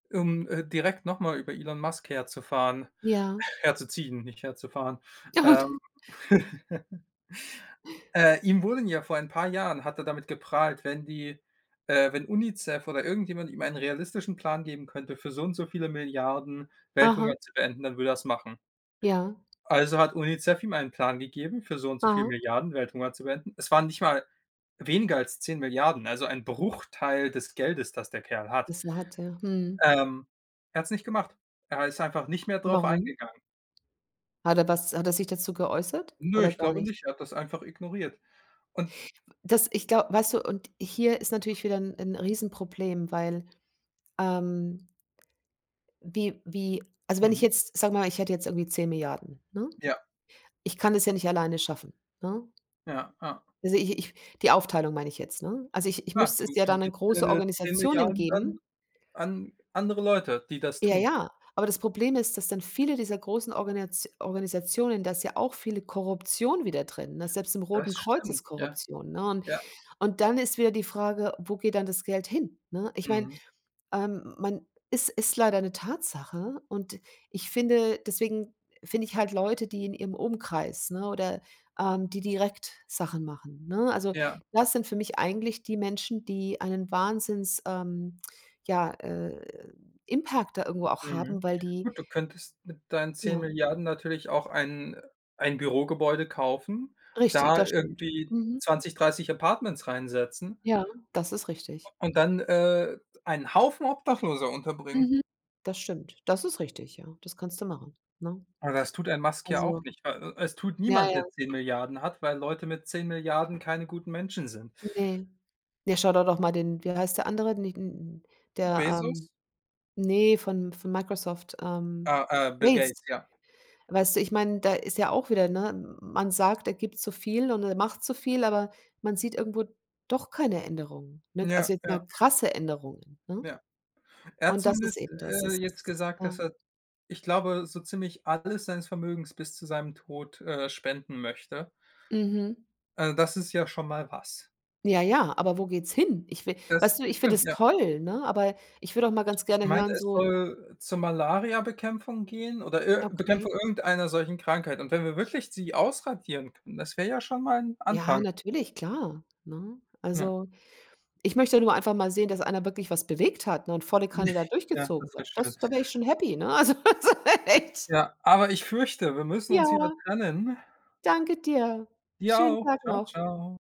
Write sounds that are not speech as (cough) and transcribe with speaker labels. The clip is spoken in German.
Speaker 1: Um, äh, direkt noch mal über Elon Musk herzufahren
Speaker 2: Ja.
Speaker 1: herzuziehen, nicht herzufahren.
Speaker 2: Gut
Speaker 1: Ähm (laughs) äh, ihm wurden ja vor ein paar Jahren hat er damit geprahlt, wenn die äh, wenn Unicef oder irgendjemand ihm einen realistischen Plan geben könnte, für so und so viele Milliarden Welthunger
Speaker 2: Aha.
Speaker 1: zu beenden, dann würde er das machen.
Speaker 2: Ja.
Speaker 1: Also, hat Unicef ihm einen Plan gegeben, für so und so viele
Speaker 2: Ah.
Speaker 1: Milliarden Welthunger zu beenden. Es waren nicht mal weniger als 10.000.000.000, also ein Bruchteil des Geldes, das der Kerl hat.
Speaker 2: Das wa hat, ja. Mhm.
Speaker 1: Ähm, er hat's nicht gemacht. Er ha ist einfach nicht mehr darauf
Speaker 2: Warum?
Speaker 1: eingegangen.
Speaker 2: Hat er das hat er sich dazu geäußert
Speaker 1: Ne,
Speaker 2: oder
Speaker 1: ich
Speaker 2: gar
Speaker 1: glaube
Speaker 2: nicht?
Speaker 1: nicht. Er hat das einfach ignoriert. Und
Speaker 2: W das ich glaube weißt du, und hier ist natürlich wieder 'n 'n Riesenproblem, weil, ähm wie wie also, wenn ich
Speaker 1: Mhm.
Speaker 2: jetzt sagen wir mal, ich hätte jetzt irgendwie 10.000.000.000 ne?
Speaker 1: Ja.
Speaker 2: Ich kann das ja nicht alleine schaffen, ne?
Speaker 1: Ja, ja.
Speaker 2: Also, ich ich die Aufteilung meine ich jetzt, ne? Also, ich ich
Speaker 1: Ja,
Speaker 2: müsste es
Speaker 1: du
Speaker 2: ja
Speaker 1: du
Speaker 2: dann an
Speaker 1: gibst
Speaker 2: große
Speaker 1: deine zehn
Speaker 2: Organisationen
Speaker 1: Milliarden dann
Speaker 2: geben.
Speaker 1: an andere Leute, die das
Speaker 2: Ja,
Speaker 1: tun.
Speaker 2: ja, aber das Problem ist, dass dann viele dieser großen Organisat Organisationen da ist ja auch viele Korruption wieder drin, ne? Selbst im Roten
Speaker 1: Das
Speaker 2: Kreuz
Speaker 1: stimmt,
Speaker 2: ist
Speaker 1: ja.
Speaker 2: Korruption, ne? Und
Speaker 1: Ja.
Speaker 2: und dann ist wieder die Frage, wo geht dann das Geld hin, ne? Ich meine,
Speaker 1: Mhm.
Speaker 2: ähm, man ist ist leider 'ne Tatsache und ich finde deswegen finde ich halt Leute, die in ihrem Umkreis, ne, oder, ähm, die direkt Sachen machen, ne, also,
Speaker 1: Ja.
Speaker 2: das sind für mich eigentlich die Menschen, die einen Wahnsinns, ähm, ja, äh, Impact da irgendwo auch
Speaker 1: Mhm.
Speaker 2: haben, weil die
Speaker 1: Gut, du könntest mit deinen zehn
Speaker 2: Ja.
Speaker 1: Milliarden natürlich auch ein ein Bürogebäude kaufen,
Speaker 2: Richtig,
Speaker 1: da
Speaker 2: das stimmt.
Speaker 1: irgendwie
Speaker 2: Mhm.
Speaker 1: 20, 30 Apartments reinsetzen
Speaker 2: Ja, das ist richtig.
Speaker 1: und dann, äh, einen Haufen Obdachloser unterbringen.
Speaker 2: Mhm, das stimmt, das ist richtig, ja, das kannst du machen, ne?
Speaker 1: Aber das tut ein Musk ja auch
Speaker 2: Also
Speaker 1: nicht. W E Es tut
Speaker 2: Ja,
Speaker 1: niemand, der
Speaker 2: ja.
Speaker 1: 10.000.000.000 hat, weil Leute mit 10.000.000.000 keine guten Menschen sind.
Speaker 2: Ne. Ja, schau do doch mal den wie heißt der Andere, nicht n der,
Speaker 1: Bezos?
Speaker 2: ähm, ne, von von Microsoft, ähm,
Speaker 1: Ah, äh, Bill
Speaker 2: Gates.
Speaker 1: Gates, ja.
Speaker 2: Weißt du, ich mein, da ist ja auch wieder ne, man sagt, er gibt so viel und er macht so viel, aber man sieht irgendwo doch keine Änderungen, ne?
Speaker 1: Ja,
Speaker 2: Also, jetzt
Speaker 1: ja.
Speaker 2: mal krasse Änderungen, ne?
Speaker 1: Ja. Er hat
Speaker 2: Und das ist
Speaker 1: zumindest,
Speaker 2: eben das,
Speaker 1: äh,
Speaker 2: es
Speaker 1: jetzt
Speaker 2: ist
Speaker 1: gesagt,
Speaker 2: Ja.
Speaker 1: dass er, ich glaube, so ziemlich alles seines Vermögens bis zu seinem Tod, äh, spenden möchte.
Speaker 2: Mhm.
Speaker 1: Äh, das ist ja schon mal was.
Speaker 2: Ja, ja, aber wo geht's hin? Ich will
Speaker 1: Das
Speaker 2: weißt du, ich find
Speaker 1: stimmt,
Speaker 2: es
Speaker 1: ja.
Speaker 2: toll, ne? Aber ich will auch mal ganz
Speaker 1: Ich
Speaker 2: gerne
Speaker 1: meine,
Speaker 2: hören,
Speaker 1: es
Speaker 2: so
Speaker 1: soll zur Malariabekämpfung gehen oder ir
Speaker 2: Okay.
Speaker 1: Bekämpfung irgendeiner solchen Krankheit. Und wenn wir wirklich sie ausradieren können, das wäre ja schon mal 'n
Speaker 2: Ja,
Speaker 1: Anfang.
Speaker 2: natürlich, klar, ne?
Speaker 1: Ja.
Speaker 2: Also, ich möchte nur einfach mal sehen, dass einer wirklich was bewegt hat, ne? Und volle Kanne da
Speaker 1: (chuckles) Ja,
Speaker 2: durchgezogen
Speaker 1: das wäre
Speaker 2: hat.
Speaker 1: schön.
Speaker 2: Das da wär ich schon happy, ne? Also, so, echt.
Speaker 1: Ja, aber ich fürchte, wir müssen uns wieder
Speaker 2: Ja.
Speaker 1: trennen.
Speaker 2: Danke dir.
Speaker 1: Dir
Speaker 2: Schönen
Speaker 1: auch.
Speaker 2: Tag
Speaker 1: Tschau,
Speaker 2: noch.
Speaker 1: tschau.